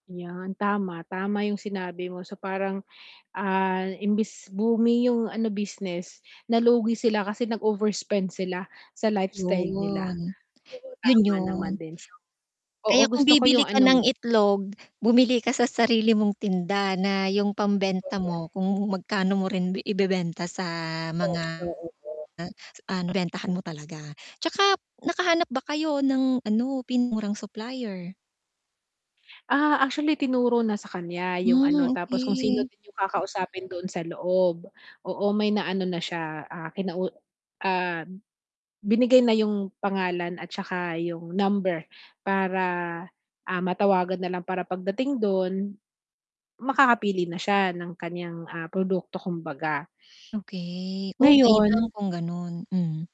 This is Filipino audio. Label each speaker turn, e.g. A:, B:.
A: 'Yan tama, tama yung sinabi mo so parang, ah, imbis booming yung ano business, nalugi sila kasi nag-overspend sila sa lifestyle nila.
B: 'Yon.
A: Oo
B: 'Yun,
A: tama naman
B: 'yon.
A: din so. Oo
B: Kaya kung
A: gusto ko
B: bibili
A: yung
B: ka
A: ano
B: ng
A: mo
B: itlog, bumili ka sa sarili mong tinda na yung pambenta
A: Correct.
B: mo kung magkano mo rin bi ibebenta sa mga,
A: Pesyo [unintelligible]
B: ah, nabentahan mo talaga. 'Tsaka nakahanap ba kayo ng ano, pinakamurang supplier?
A: Ah, actually tinuro na sa kanya yung
B: Hmm,
A: ano tapos kung sino
B: okey.
A: din yung kakausapin doon sa loob. Oo may naano na siya, ah, kinau ah, binigay na yung pangalan at saka yung number para, ah, matawagan na lang para pagdating do'n, makakapili na siya ng kanyang, ah, produkto kumbaga.
B: Okey. Oh, mainam
A: Ngayon
B: kung gano'n, hmm.